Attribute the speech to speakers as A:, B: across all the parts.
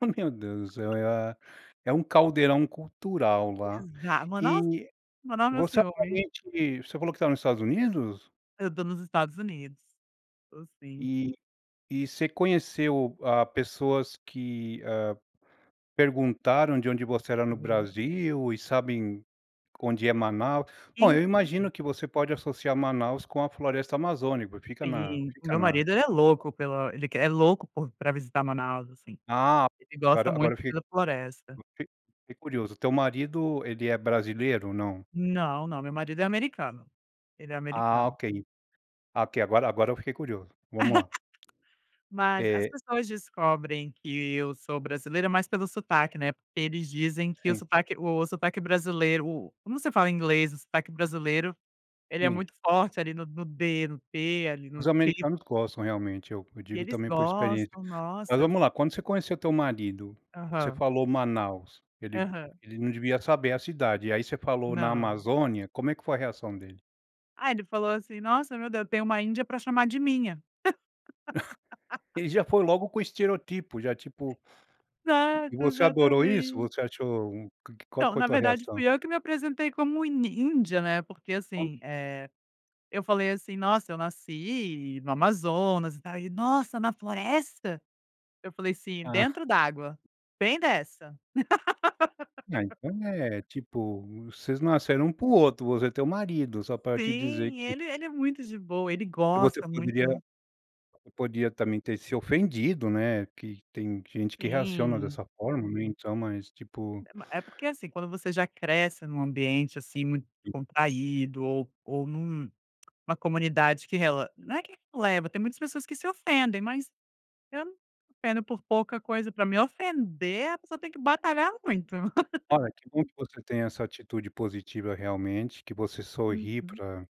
A: Oh meu Deus, é a é um caldeirão cultural lá.
B: Exa ma nossa,
A: E,
B: manda
A: você
B: nesse homem.
A: atualmente, você falou que está no Estados Unidos?
B: Eu estou nos Estados Unidos, estou sim.
A: E e você conheceu, hã, pessoas que, hã, perguntaram de onde você era no
B: Aham.
A: Brasil, e sabem onde é Manaus? Bom, eu
B: Então
A: imagino que você pode associar Manaus com a floresta amazônica, fica na
B: Sim, o
A: fica
B: meu
A: na
B: marido ele é louco pela ele é louco por para visitar Manaus, assim.
A: Ah,
B: Ele gosta
A: agora agora
B: muito
A: eu fique
B: da floresta.
A: eu fi fiquei curioso, teu marido ele é brasileiro, não.
B: Não, não, meu marido é americano, ele é
A: Ah
B: americano.
A: ok, ok, agora agora eu fiquei curioso, vamos lá.
B: Mas as
A: Eh
B: pessoas descobrem que eu sou brasileira mais pelo sotaque, né, porque eles dizem que o
A: Sim.
B: sotaque o sotaque brasileiro, como você fala inglês, o sotaque brasileiro, ele é
A: Sim.
B: muito forte ali no no d no t ali no
A: Os
B: t.
A: americanos gostam realmente, eu eu
B: E
A: digo
B: eles
A: também por experiência,
B: gostam,
A: mas
B: nossa eu f
A: vamos lá: quando você conheceu teu marido, você
B: Aham.
A: falou Manaus, ele
B: Aham.
A: ele não devia saber a cidade, e aí você falou na
B: Não.
A: Amazônia, como é que foi a reação dele?
B: Ah, ele falou assim: "Nossa meu Deus, tem uma Índia para chamar de minha".
A: Ele já foi logo com o estereótipo já tipo e
B: Certo,
A: você adorou isso?
B: exatamente.
A: Você achou qual que
B: Então,
A: foi a
B: na
A: tua
B: verdade
A: reação?
B: fui eu que me apresentei como in índia, né, porque
A: Onde
B: assim, eh, falei assim: "Nossa, eu nasci no Amazonas e tal." e ele: "Nossa, na floresta." Eu falei assim:
A: Hã.
B: "Dentro d'água, bem dessa."
A: Ah, então é, tipo, vocês nasceram um para o outro, você é teu marido, só para te dizer
B: Sim,
A: que
B: ele ele é muito de boa, ele
A: Você
B: gosta
A: poderia
B: muito.
A: você podia também ter se ofendido, né, que tem gente que reaciona
B: Sim.
A: dessa forma, né, então, mas tipo
B: É ma é porque, assim, quando você já cresce em um ambiente assim muito
A: E
B: descontraído ou ou em um, uma comunidade que rele não é que releva, tem muitas pessoas que se ofendem, mas eu não me ofendo por pouca coisa, para me ofender a pessoa tem que batalhar muito.
A: Olha, que bom que você tenha essa atitude positiva realmente, que você sorri
B: Uhum.
A: para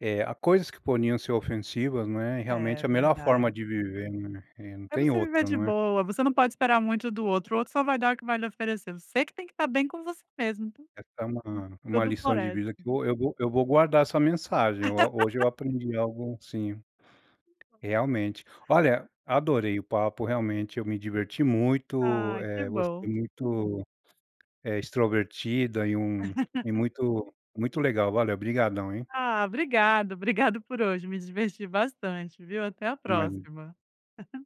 A: eh, a coisas que poderiam ser ofensivas, né, e
B: É,
A: realmente é a melhor forma
B: verdade.
A: de viver, né, e não
B: É,
A: tem
B: você viver
A: outra,
B: de
A: não é.
B: boa, você não pode esperar muito do outro, o outro só vai dar o que vai lhe oferecer, você que tem que estar bem com você mesmo, então
A: Essa é uma uma
B: Tudo
A: lição de vida que
B: floresce.
A: eu vou eu vou eu vou guardar essa mensagem. Ho eu hoje eu aprendi algo sim realmente.
B: [unintelligible]
A: Olha, adorei o papo, realmente eu me diverti muito,
B: Ah, que
A: eh, você é
B: bom.
A: muito, eh, extrovertida e um e muito muito legal, valeu obrigadão, hein.
B: Ah, obrigada, obrigada por hoje, me diverti bastante, viu, até a
A: Até mais então.
B: próxima.